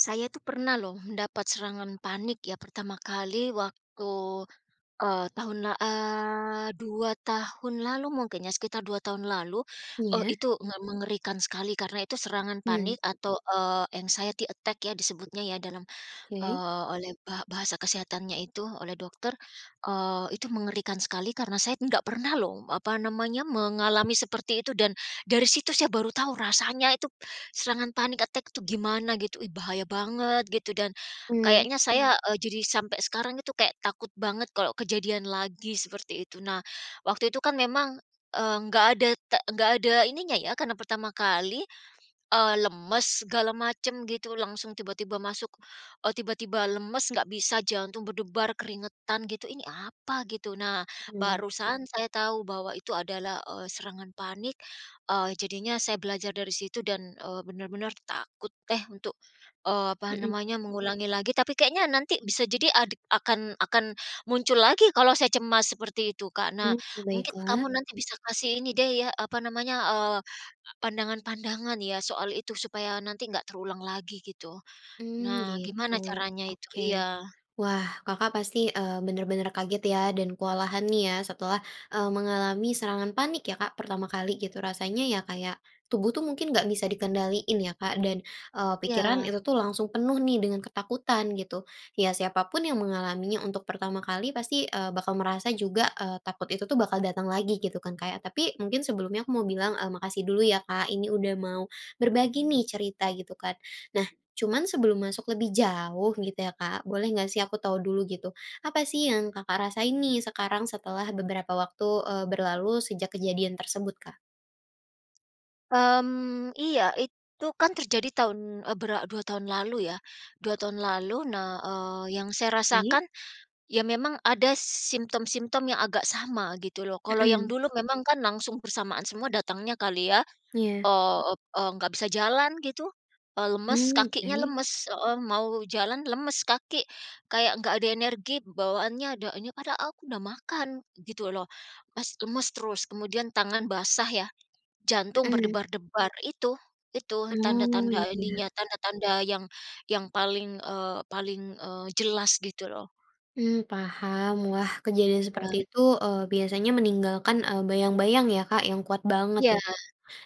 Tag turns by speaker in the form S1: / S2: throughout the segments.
S1: Saya tuh pernah loh dapat serangan panik ya pertama kali waktu, eee, tahun la eee, 2 tahun lalu mungkin ya, sekitar 2 tahun lalu, eee,
S2: Iya?
S1: itu me mengerikan sekali karena itu serangan
S2: Mmm.
S1: panik atau, eee, anxiety attack ya disebutnya ya, dalam,
S2: Oke?
S1: eee, oleh ba bahasa kesehatannya itu oleh dokter, eee, itu mengerikan sekali karena saya enggak pernah loh, apa namanya, mengalami seperti itu dan dari situ saya baru tahu rasanya itu serangan panic attack itu gimana gitu, ih, bahaya banget gitu dan,
S2: Mmm.
S1: kayaknya saya, eee, jadi sampai sekarang itu kayak takut banget kalau kejadian lagi seperti itu. Nah waktu itu kan memang, eee, nggak ada te nggak ada ini nya ya karena pertama kali, eee, lemes segala macam gitu langsung tiba-tiba masuk eee, tiba-tiba lemes nggak bisa jantung berdebar keringetan gitu, "Ini apa?" gitu. Nah
S2: Mmm.
S1: barusan saya tahu bahwa itu adalah, eee, serangan panik, eee, jadinya saya belajar dari situ dan, eee, benar-benar takut, eh, untuk, eee, apa
S2: Mhm.
S1: namanya, mengulangi lagi tapi kayaknya nanti bisa jadi adik akan akan muncul lagi kalau saya cemas seperti itu Kak. Nah karena
S2: Mmm,
S1: mungkin kamu
S2: baiklah.
S1: nanti bisa kasih ini deh ya, apa namanya, eee, pandangan-pandangan ya soal itu supaya nanti enggak terulang lagi gitu,
S2: Mmm,
S1: nah gimana
S2: gitu
S1: caranya itu?
S2: oke,
S1: Iya.
S2: wah Kakak pasti, eee, benar-benar kaget ya dan kewalahan nih ya, setelah, eee, mengalami serangan panik ya Kak, pertama kali gitu rasanya ya kayak, tubuh tuh mungkin nggak bisa dikendaliin ya Kak, dan, eee, pikiran
S1: Iya.
S2: itu tuh langsung penuh nih dengan ketakutan gitu, ya siapa pun yang mengalaminya untuk pertama kali pasti, eee, bakal merasa juga, eee, takut itu tuh bakal datang lagi gitu kan Kak ya? Tapi mungkin sebelumnya aku mau bilang, eee, makasih dulu ya Kak ini udah mau, berbagi nih cerita gitu kan, nah cuma sebelum masuk lebih jauh gitu ya Kak boleh nggak sih aku tahu dulu gitu apa sih yang Kakak rasain nih sekarang setelah beberapa waktu, eee, berlalu sejak kejadian tersebut Kak?
S1: Mmm, iya itu kan terjadi tahun, eee, bera 2 tahun lalu ya, 2 tahun lalu nah, eee, yang saya
S2: Mmm.
S1: rasakan, ya memang ada symptom-symptom yang agak sama gitu loh kalau yang
S2: Mhm.
S1: dulu memang kan langsung bersamaan semua datangnya kali ya?
S2: Iya?
S1: eee eee, nggak bisa jalan gitu, eee, lemes
S2: Mmm,
S1: kakinya
S2: oke.
S1: lemes, heeh, mau jalan lemes kaki, kayak nggak ada energi bawaannya da nya padahal aku udah makan, gitu loh, mes lemes terus kemudian tangan basah ya, jantung
S2: Mhm.
S1: berdebar-debar, itu itu
S2: Oh
S1: tanda-tanda
S2: iya iya.
S1: ininya, tanda-tanda yang yang paling, eee, paling, eee, jelas gitu loh.
S2: Mmm, paham, wah kejadian seperti
S1: Iya.
S2: itu, eee, biasanya meninggalkan, eee, bayang-bayang ya Kak yang kuat banget ya
S1: Iya.
S2: Kak?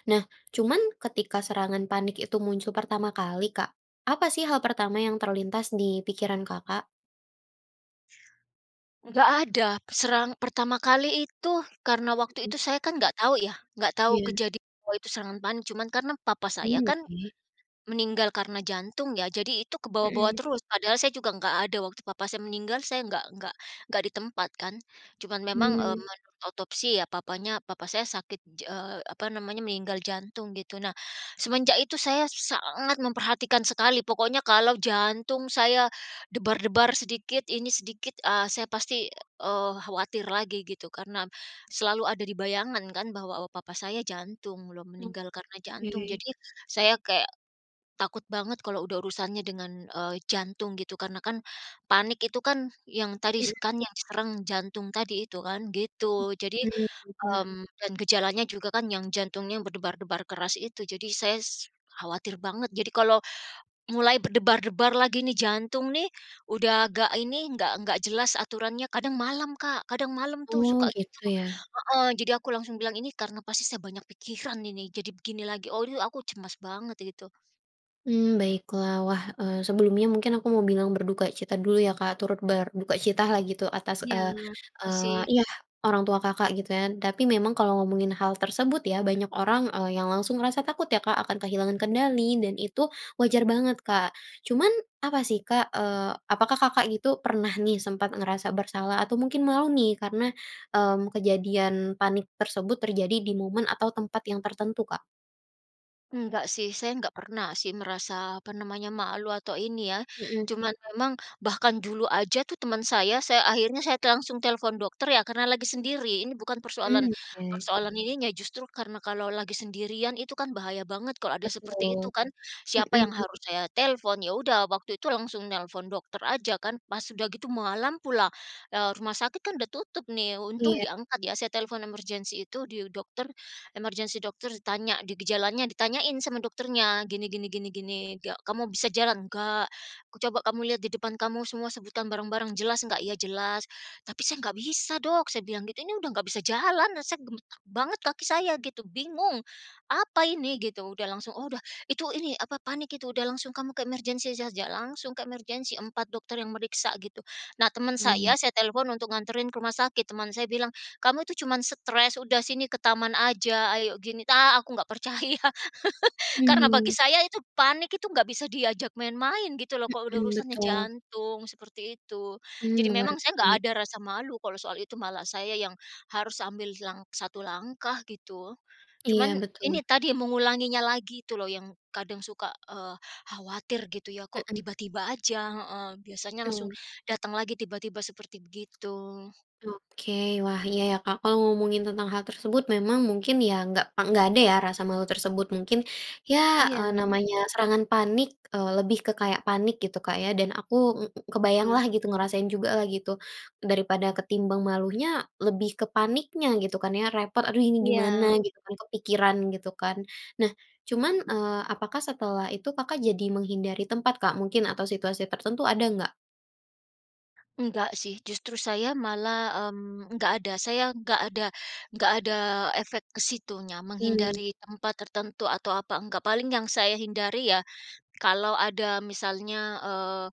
S2: Nah cuman ketika serangan panik itu muncul pertama kali Kak, apa sih hal pertama yang terlintas di pikiran Kakak?
S1: Nggak ada, serangan pertama kali itu karena waktu
S2: Mhm.
S1: itu saya kan nggak tahu ya nggak tahu
S2: Iya.
S1: kejadian kalau itu serangan panik, cuma karena papa saya
S2: Mmm,
S1: kan
S2: oke.
S1: meninggal karena jantung ya jadi itu kebawa-bawa
S2: Mhm.
S1: terus padahal saya juga enggak ada, waktu papa saya meninggal saya enggak enggak enggak di tempat kan, cuman memang, eee,
S2: Mmm.
S1: mengotopsi ya, papanya papa saya sakit, ja eee, apa namanya, meninggal jantung gitu. Nah semenjak itu saya sangat memperhatikan sekali pokoknya kalau jantung saya debar-debar sedikit ini sedikit, ah, saya pasti, eee, khawatir lagi gitu karena, selalu ada di bayangan kan bahwa, oh, papa saya jantung loh meninggal karena jantung
S2: Oke.
S1: jadi, saya kayak, takut banget kalau udah urusannya dengan, eee, jantung gitu karena kan, panik itu kan yang tadi
S2: Mmm.
S1: s kan yang serang jantung tadi itu kan gitu. Jadi,
S2: Mhm, berubah.
S1: mmm, dan gejalanya juga kan yang jantungnya berdebar-debar keras itu jadi saya s khawatir banget. Jadi kalau, mulai berdebar-debar lagi nih jantung nih udah agak ini enggak enggak jelas aturannya kadang malam Kak kadang malam tuh
S2: Oh
S1: suka gitu,
S2: gitu ya?
S1: heeh, jadi aku langsung bilang ini karena pasti saya banyak pikiran ini jadi begini lagi oh yu aku cemas banget itu.
S2: Mmm, baiklah wah, eee, sebelumnya mungkin aku mau bilang berduka cita dulu ya Kak turut berduka cita lah gitu atas,
S1: Iya
S2: eee eee,
S1: makasih.
S2: iya orang tua Kakak gitu kan. Tapi memang kalau ngomongin hal tersebut ya banyak orang, eee, yang langsung ngerasa takut ya Kak akan kehilangan kendali dan itu wajar banget Kak. Cuman apa sih Kak, eee, apakah Kakak gitu pernah nih sempat ngerasa bersalah atau mungkin malu nih karena, mmm, kejadian panik tersebut terjadi di momen atau tempat yang tertentu Kak?
S1: Enggak sih, saya enggak pernah sih merasa, apa namanya, malu atau ini ya,
S2: Mhm.
S1: cuman memang bahkan dulu aja tuh teman saya saya akhirnya saya langsung telepon dokter ya karena lagi sendiri ini bukan persoalan
S2: Mmm, oke.
S1: persoalan ininya justru karena kalau lagi sendirian itu kan bahaya banget kalau ada seperti
S2: Betul,
S1: itu kan. Siapa yang
S2: mhm.
S1: harus saya telepon, ya udah waktu itu langsung nelpon dokter aja kan pas udah gitu malam pula, eee, rumah sakit kan udah tutup nih untung
S2: Iya.
S1: diangkat ya saya telepon emergency itu di dokter, emergency dokter ditanya di gejalanya ditanyain sama dokternya, gini gini gini gini nggak, "Kamu bisa jalan?" "Nggak," "Coba kamu lihat di depan kamu semua sebutkan barang-barang jelas nggak?" "iya jelas, tapi saya nggak bisa, Dok," saya bilang gitu, "ini udah nggak bisa jalan, saya gemetar banget kaki saya," gitu, bingung, "Apa ini?" gitu. Udah langsung, "Oh udah itu, ini apa, panik itu, udah langsung kamu ke emergency saja," langsung ke emergency 4 dokter yang meriksa gitu. Nah teman saya
S2: Mmm.
S1: saya telepon untuk nganterin ke rumah sakit, teman saya bilang, "Kamu itu cuman stres, udah sini ke taman aja ayo," gini ta aku nggak percaya karena bagi
S2: Mmm.
S1: saya itu panik itu enggak bisa diajak main-main gitu loh kalau udah
S2: Mhm,
S1: urusannya
S2: betul.
S1: jantung, seperti itu.
S2: Mmm,
S1: Jadi memang saya enggak
S2: mengerti
S1: ada rasa malu kalau soal itu malah saya yang harus ambil lang 1 langkah gitu,
S2: Iya
S1: cuman
S2: betul.
S1: ini tadi mengulanginya lagi itu loh yang kadang suka, eee, khawatir gitu ya kok
S2: Mhm.
S1: tiba-tiba aja, heeh, biasanya langsung
S2: Mmm.
S1: datang lagi tiba-tiba seperti begitu.
S2: Oke wah iya ya Kak, kalau ngomongin tentang hal tersebut memang mungkin ya nggak pe nggak ada ya rasa malu tersebut mungkin ya, eee,
S1: Iya.
S2: namanya serangan panik, eee, lebih ke kayak panik gitu Kak ya? Dan aku ng kebayanglah
S1: Betul.
S2: gitu ngerasain juga lah gitu, daripada ketimbang malunya lebih ke paniknya gitu kan ya? Repot aduh ini gimana?
S1: Iya.
S2: Gitu kan kepikiran gitu kan? Nah cuman, eee, apakah setelah itu Kakak jadi menghindari tempat Kak? Mungkin atau situasi tertentu ada nggak?
S1: Enggak sih justru saya malah, mmm, enggak ada, saya enggak ada enggak ada efek ke situnya,
S2: Mmm.
S1: menghindari tempat tertentu atau apa enggak paling yang saya hindari ya, kalau ada misalnya, eee,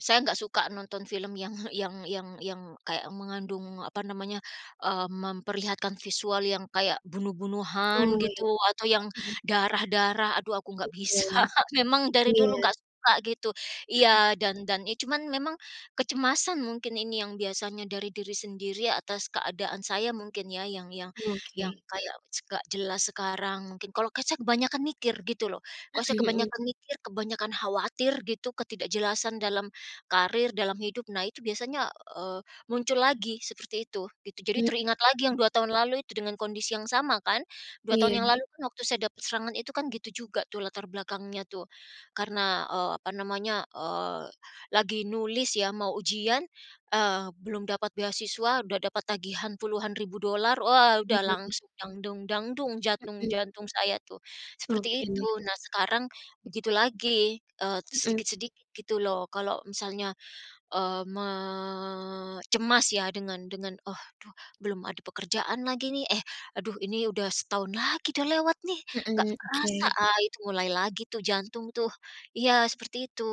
S1: saya nggak suka nonton film yang yang yang yang kayak mengandung apa namanya, eee, memperlihatkan visual yang kayak bunuh-bunuhan
S2: Oh ya,
S1: gitu atau yang
S2: mhm.
S1: darah-darah, aduh aku nggak bisa
S2: Betul,
S1: memang dari
S2: iya.
S1: dulu nggak suka gitu.
S2: Mhm.
S1: Iya dan dan ya cuman memang kecemasan mungkin ini yang biasanya dari diri sendiri atas keadaan saya mungkin ya, yang yang yang
S2: Oke.
S1: kayak s nggak jelas sekarang. Mungkin kalau ke saya kebanyakan mikir gitu loh, kalau saya
S2: Mhm mhm.
S1: kebanyakan mikir, kebanyakan khawatir gitu ketidakjelasan dalam karir, dalam hidup nah itu biasanya, eee, muncul lagi seperti itu gitu jadi
S2: Mmm.
S1: teringat lagi yang 2 tahun lalu itu dengan kondisi yang sama kan, 2 tahun yang
S2: Iya.
S1: lalu pun waktu saya dapat serangan itu kan gitu juga tuh latar belakangnya tuh, karena, eee, apa namanya, eee, lagi nulis ya mau ujian, eee, belum dapat beasiswa, udah dapat tagihan puluhan ribu dolar, wah, udah
S2: Mhm.
S1: langsung dang dung dang dung jantung
S2: Mhm.
S1: jantung saya tuh, seperti
S2: Oke.
S1: itu. Nah, sekarang begitu lagi, eee,
S2: Mhm.
S1: sedikit-sedikit gitu loh kalau misalnya, eee, me cemas ya dengan dengan, "Oh, duh, belum ada pekerjaan lagi nih, eh, aduh ini udah setahun lagi dah lewat nih, nggak
S2: Mhm,
S1: kerasa."
S2: oke.
S1: Ah, itu mulai lagi tuh jantung tuh, iya seperti itu.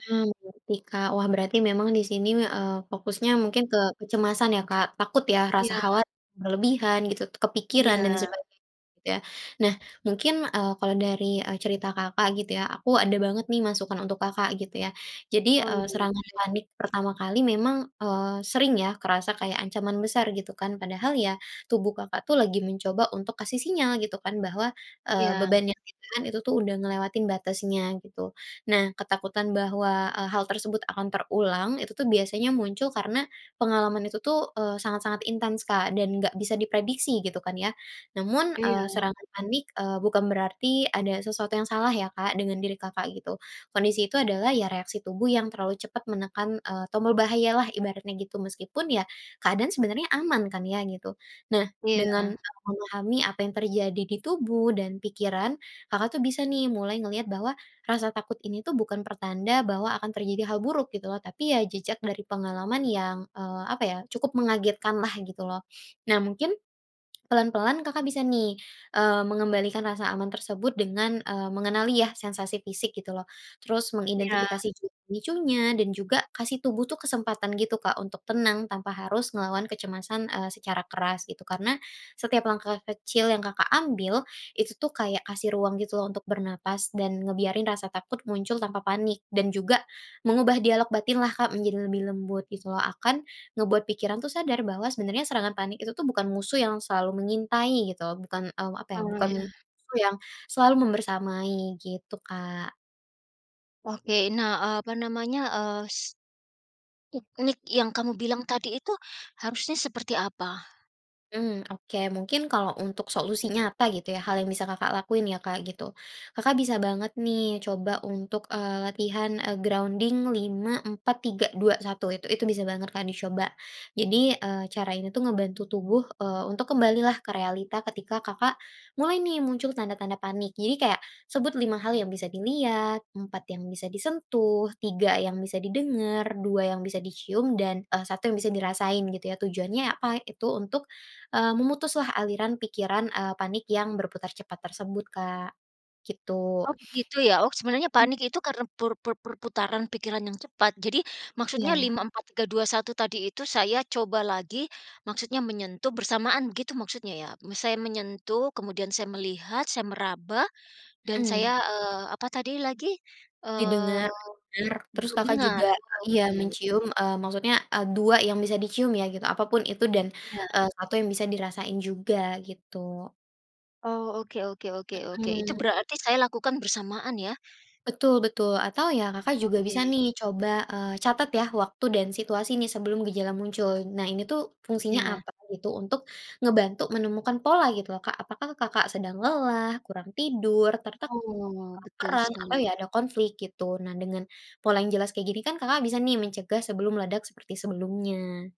S2: Mmm, oke Kak, wah berarti memang di sini, eee, fokusnya mungkin ke kecemasan ya Kak? Takut ya rasa
S1: Iya.
S2: khawatir berlebihan gitu, kepikiran dan
S1: Iya.
S2: sebagai gitu ya? Nah mungkin, eee, kalau dari, eee, cerita Kakak gitu ya aku ada banget nih masukan untuk Kakak gitu ya. Jadi,
S1: Oh iya
S2: eee, serangan
S1: boleh.
S2: panik pertama kali memang, eee, sering ya kerasa kayak ancaman besar gitu kan. Padahal ya tubuh Kakak tuh lagi mencoba untuk kasih sinyal gitu kan bahwa, eee,
S1: Iya.
S2: beban yang ditahan itu tuh udah ngelewatin batasnya gitu. Nah ketakutan bahwa, eee, hal tersebut akan terulang itu tuh biasanya muncul karena pengalaman itu tuh, eee, sangat-sangat intens Kak dan nggak bisa diprediksi gitu kan ya. Namun, eee,
S1: Iya.
S2: serangan panik, eee, bukan berarti ada sesuatu yang salah ya Kak dengan diri Kakak gitu, kondisi itu adalah ya reaksi tubuh yang terlalu cepat menekan, eee, tombol bahaya lah ibaratnya gitu meskipun ya keadaan sebenarnya aman kan ya gitu. Nah dengan
S1: Iya.
S2: Kakak memahami apa yang terjadi di tubuh dan pikiran, Kakak tuh bisa nih mulai ngelihat bahwa rasa takut ini tuh bukan pertanda bahwa akan terjadi hal buruk gitu loh tapi ya jejak dari pengalaman yang, eee, apa ya, cukup mengagetkanlah gitu loh. Nah mungkin, pelan-pelan Kakak bisa nih, eee, mengembalikan rasa aman tersebut dengan, eee, mengenali ya sensasi fisik gitu loh, terus
S1: Iya.
S2: mengidentifikasi juga pemicunya dan juga kasih tubuh tuh kesempatan gitu Kak untuk tenang tanpa harus ngelawan kecemasan, eee, secara keras gitu. Karena setiap langkah kecil yang Kakak ambil itu tuh kayak kasih ruang gitu loh untuk bernapas dan ngebiarin rasa takut muncul tanpa panik dan juga mengubah dialog batin lah Kak menjadi lebih lembut gitu loh akan ngebuat pikiran tuh sadar bahwa sebenarnya serangan panik itu tuh bukan musuh yang selalu mengintai gitu bukan, eee, apa ya,
S1: Oh
S2: bukan
S1: ya.
S2: musuh yang selalu membersamai gitu Kak.
S1: Oke nah, eee, apa namanya, eee, s teknik yang kamu bilang tadi itu harusnya seperti apa?
S2: Mmm, oke mungkin kalau untuk solusinya nyata gitu ya hal yang bisa Kakak lakuin ya Kak gitu, Kakak bisa banget nih coba untuk, eee, latihan, eee, grounding 5-4-3-2-1 itu itu bisa banget Kak dicoba. Jadi, eee, cara ini tuh ngebantu tubuh, eee, untuk kembalilah ke realita ketika Kakak, mulai nih muncul tanda-tanda panik. Jadi kayak sebut 5 hal yang bisa dilihat, 4 yang bisa disentuh, 3 yang bisa didengar, 2 yang bisa dicium, dan, eee, 1 yang bisa dirasain gitu ya. Tujuannya apa, itu untuk, eee, memutuslah aliran pikiran, eee, panik yang berputar cepat tersebut Kak, gitu,
S1: Oh begitu ya? Oh sebenarnya panik itu karena per per per perputaran pikiran yang cepat? Jadi maksudnya
S2: Iya.
S1: 5-4-3-2-1 tadi itu saya coba lagi, maksudnya menyentuh bersamaan begitu maksudnya ya? Saya menyentuh kemudian saya melihat saya meraba, dan saya,
S2: Mhm.
S1: eee, apa tadi lagi? Eee,
S2: Didengar-dengar, terus Kakak juga
S1: diingat oh
S2: iya
S1: oke.
S2: mencium, eee, maksudnya, eee, 2 yang bisa dicium ya gitu apapun itu dan,
S1: Iya.
S2: eee, 1 yang bisa dirasain juga gitu.
S1: Oh oke oke oke oke itu
S2: Mhm.
S1: berarti saya lakukan bersamaan ya?
S2: Betul betul atau ya Kakak juga bisa
S1: Oke.
S2: nih coba, eee, catat ya waktu dan situasi nih sebelum gejala muncul. Nah ini tuh fungsinya
S1: Iya.
S2: apa gitu untuk ngebantu menemukan pola gitu loh Kak apakah Kakak sedang lelah, kurang tidur tertekan,
S1: Oh betul
S2: kelaparan atau
S1: sekali.
S2: ya ada konflik gitu. Nah dengan pola yang jelas kaya gini kan Kakak bisa nih mencegah sebelum meledak seperti sebelumnya.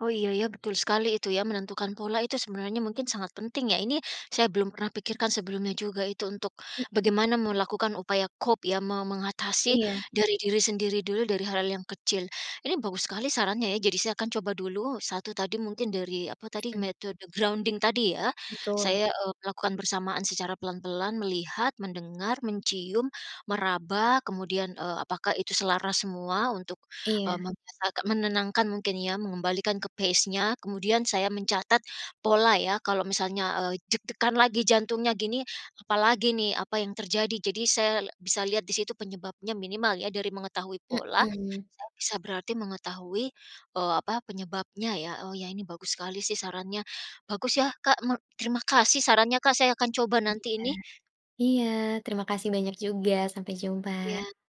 S1: Oh iya ya, betul sekali itu ya menentukan pola itu sebenarnya mungkin sangat penting ya? Ini saya belum pernah pikirkan sebelumnya juga itu untuk,
S2: Mhm.
S1: bagaimana melakukan upaya cope ya me mengatasi
S2: Iya.
S1: dari diri sendiri dulu dari hal yang kecil. Ini bagus sekali sarannya ya jadi saya akan coba dulu 1 tadi mungkin dari apa tadi?
S2: Mmm.
S1: Metode grounding tadi ya?
S2: Betul.
S1: Saya, eee, melakukan bersamaan secara pelan-pelan, melihat, mendengar, mencium, meraba, kemudian, eee, apakah itu selaras semua, untuk, eee,
S2: Iya.
S1: membes agak menenangkan mungkin ya, mengembalikan ke pace-nya. Kemudian saya mencatat pola ya, eee, kalau misalnya, eee, deg-degan lagi jantungnya gini apalagi nih, apa yang terjadi. Jadi saya bisa lihat di situ penyebabnya minimal ya dari mengetahui pola,
S2: Mhm.
S1: saya bisa berarti mengetahui, eee, apa, penyebabnya ya. Oh ya ini bagus sekali sih sarannya, bagus ya Kak me terima kasih sarannya Kak saya akan coba
S2: Oke deh
S1: nanti ini.
S2: Kak. Iya terima kasih banyak juga sampai jumpa.
S1: Iya.